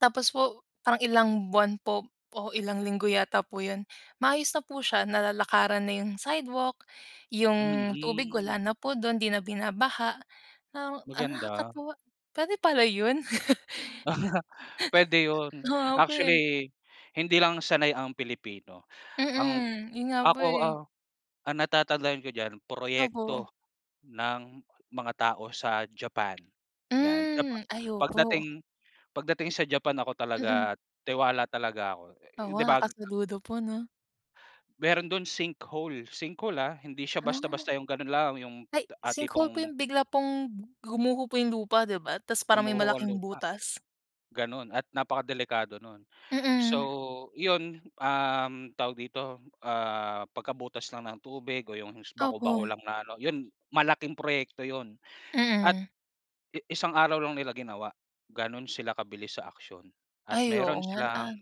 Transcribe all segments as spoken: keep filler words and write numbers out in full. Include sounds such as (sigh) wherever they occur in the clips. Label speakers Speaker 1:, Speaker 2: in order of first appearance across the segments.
Speaker 1: Tapos po parang ilang buwan po o ilang linggo yata po 'yon, maayos na po siya. Nalalakaran na yung sidewalk, yung tubig
Speaker 2: Mm.
Speaker 1: wala na po do'n. 'Di na binabaha ng ah,
Speaker 2: Maganda.
Speaker 1: nakakatuwa pwede pala yun.
Speaker 2: (laughs) Pwede
Speaker 1: (laughs)
Speaker 2: yun,
Speaker 1: Oo nga po eh.
Speaker 2: actually hindi lang sanay ang Pilipino. Ang
Speaker 1: Mm, yun nga po
Speaker 2: ako,
Speaker 1: eh.
Speaker 2: ah, ang natatandaan ko diyan,
Speaker 1: Opo.
Speaker 2: proyekto ng mga tao sa Japan, yan, Japa
Speaker 1: Hmm. Ay, opo.
Speaker 2: pagdating pagdating sa Japan ako
Speaker 1: Mm.
Speaker 2: talaga tiwala talaga ako,
Speaker 1: Oo
Speaker 2: 'di
Speaker 1: nga,
Speaker 2: bag?
Speaker 1: nakasaludo po, 'no?
Speaker 2: Meron do'n sinkhole. Sinkhole ah, hindi siya
Speaker 1: Ah.
Speaker 2: basta-basta yung gano'n lang, yung,
Speaker 1: Ay,
Speaker 2: ah,
Speaker 1: sinkhole po
Speaker 2: tipong
Speaker 1: yung bigla pong gumuho po yung lupa, di ba? Tas parang may
Speaker 2: Gumuho ang
Speaker 1: malaking
Speaker 2: lupa,
Speaker 1: butas?
Speaker 2: gano'n at napakadelikado nun.
Speaker 1: Mm.
Speaker 2: So, yun ,um, tawag dito, ah, pagkabutas lang ng tubig o yung
Speaker 1: Opo.
Speaker 2: bako-bako lang na ano, yun malaking proyekto yun at
Speaker 1: Mm.
Speaker 2: i isang araw lang nila ginawa, gano'n sila kabilis sa aksiyon, at
Speaker 1: Ay, oo
Speaker 2: meron
Speaker 1: ngan
Speaker 2: silang
Speaker 1: an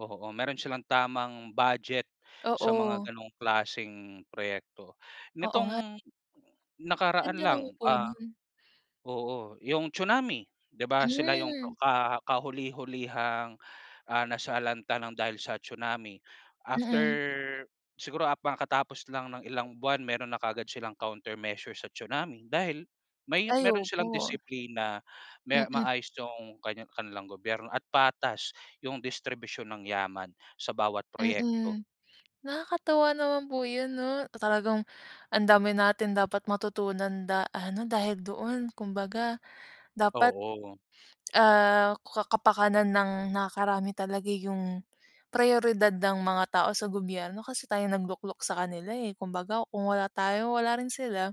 Speaker 2: oo, meron silang tamang budget sa mga
Speaker 1: Oo.
Speaker 2: gano'ng klaseng proyekto.
Speaker 1: Oo nga.
Speaker 2: Nitong nakaraan
Speaker 1: Ganda
Speaker 2: lang,
Speaker 1: naman po
Speaker 2: ah
Speaker 1: nun.
Speaker 2: oo, yung tsunami, 'di ba, sila yung
Speaker 1: Hmm.
Speaker 2: ka kahuli-hulihang, ah, nasalanta ng dahil sa tsunami. After
Speaker 1: Mm.
Speaker 2: siguro hab kakatapos lang ng ilang buwan meron na kaagad silang countermeasure sa tsunami dahil may
Speaker 1: Ay,
Speaker 2: meron silang
Speaker 1: opo.
Speaker 2: disiplina. May
Speaker 1: Mm.
Speaker 2: maayos yung kaniya kanilang gobyerno at patas yung distribusyon ng yaman sa bawat proyekto.
Speaker 1: Mm, nakakatuwa naman po 'yon, 'no? Talagang ang dami natin dapat matutunan da ha, 'no, dahil doon. Kumbaga, dapat,
Speaker 2: Oo.
Speaker 1: ah, ka kapakanan ng nakakarami talaga yung prayoridad ng mga tao sa gobyerno, kasi tayong nagluklok sa kanila eh. Kumbaga, kung wala tayo wala rin sila.